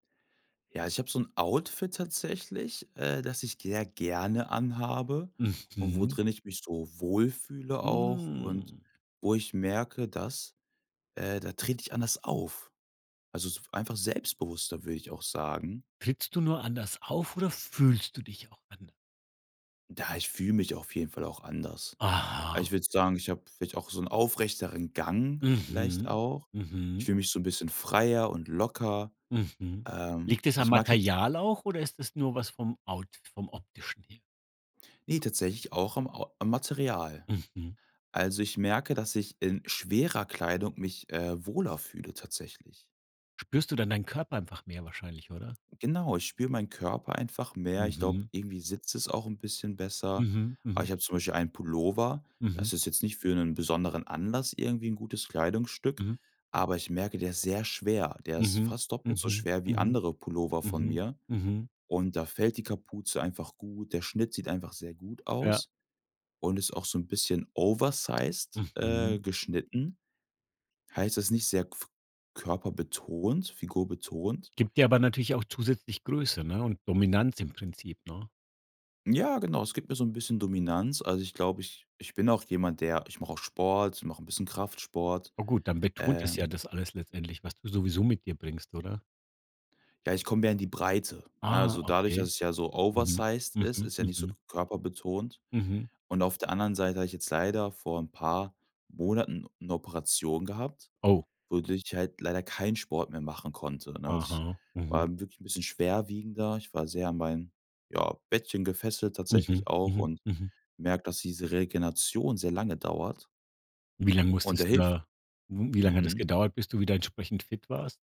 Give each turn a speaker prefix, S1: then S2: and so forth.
S1: Ja, ich habe so 'n Outfit tatsächlich, äh, das ich sehr gerne anhabe und wo
S2: Mhm.
S1: drin ich mich so wohl fühle auch und
S2: Hm.
S1: wo ich merke, dass äh, da trete ich anders auf. Also, so einfach selbstbewusster, würde ich auch sagen.
S2: Trittst du nur anders auf oder fühlst du dich auch anders?
S1: Ja, ich fühle mich auf jeden Fall auch anders. Also,
S2: Aha.
S1: ich würde sagen, ich habe vielleicht auch so 'n aufrechteren Gang vielleicht
S2: Mhm,
S1: auch. Ich
S2: mhm.
S1: fühle mich so 'n bisschen freier und locker.
S2: Mhm,
S1: Ähm,
S2: liegt es am
S1: ich mag jetzt
S2: Material auch oder ist es nur was vom Out vom optischen her?
S1: Ne, tatsächlich auch am Ou am Material.
S2: Mhm.
S1: Also, ich merke, dass ich in schwerer Kleidung mich, äh, wohler fühle tatsächlich.
S2: Spürst du dann deinen Körper einfach mehr wahrscheinlich, oder?
S1: Genau, ich spüre meinen Körper einfach mehr. Ich glaube,
S2: Mhm.
S1: irgendwie sitzt es auch 'n bisschen besser.
S2: Mhm,
S1: Aber
S2: mhm.
S1: ich habe zum Beispiel einen Pullover. Das
S2: Mhm.
S1: ist jetzt nicht für 'nen besonderen Anlass irgendwie 'n gutes Kleidungsstück,
S2: Mhm.
S1: aber ich merke, der ist sehr schwer. Der ist
S2: Mhm,
S1: fast doppelt so
S2: mhm,
S1: schwer wie
S2: mhm,
S1: andere Pullover von
S2: mhm,
S1: mir
S2: mhm.
S1: und da fällt die Kapuze einfach gut, der Schnitt sieht einfach sehr gut
S2: Ja.
S1: aus und ist auch so 'n bisschen oversized, äh,
S2: Mhm.
S1: geschnitten. Heißt, das ist nicht sehr gf körperbetont, figurbetont.
S2: Gibt dir aber natürlich auch zusätzlich Größe, ne, und Dominanz im Prinzip, ne?
S1: Ja, genau, es gibt mir so 'n bisschen Dominanz. Also, ich glaube, ich ich bin auch jemand, der ich mache auch Sport, ich mache 'n bisschen Kraftsport,
S2: Oh gut, dann betont es ja
S1: ähm
S2: das alles letztendlich, was du sowieso mit dir bringst, oder?
S1: Ja, ich komme mehr in die Breite. Ja,
S2: Ah,
S1: also dadurch, dass
S2: okay.
S1: es ja so
S2: Mhm,
S1: oversized ist,
S2: mhm,
S1: ist ja nicht so
S2: mhm.
S1: körperbetont.
S2: Mhm.
S1: Und auf der anderen Seite habe ich jetzt leider vor 'n paar Monaten 'ne Operation gehabt,
S2: Oh.
S1: wodurch ich halt leider keinen Sport mehr machen konnte, ne? Also ich
S2: Aha, mhm.
S1: war dann wirklich 'n bisschen schwerwiegender. Ich war sehr an mein, ja, Bettchen gefesselt tatsächlich
S2: Mhm,
S1: auch
S2: mhm,
S1: und
S2: mhm.
S1: gemerkt, dass diese Regeneration sehr lange dauert.
S2: Wie lange
S1: Und der
S2: musstest du
S1: hilft
S2: da mhm, wie lange hat das
S1: Mhm.
S2: gedauert, bis du wieder entsprechend fit warst?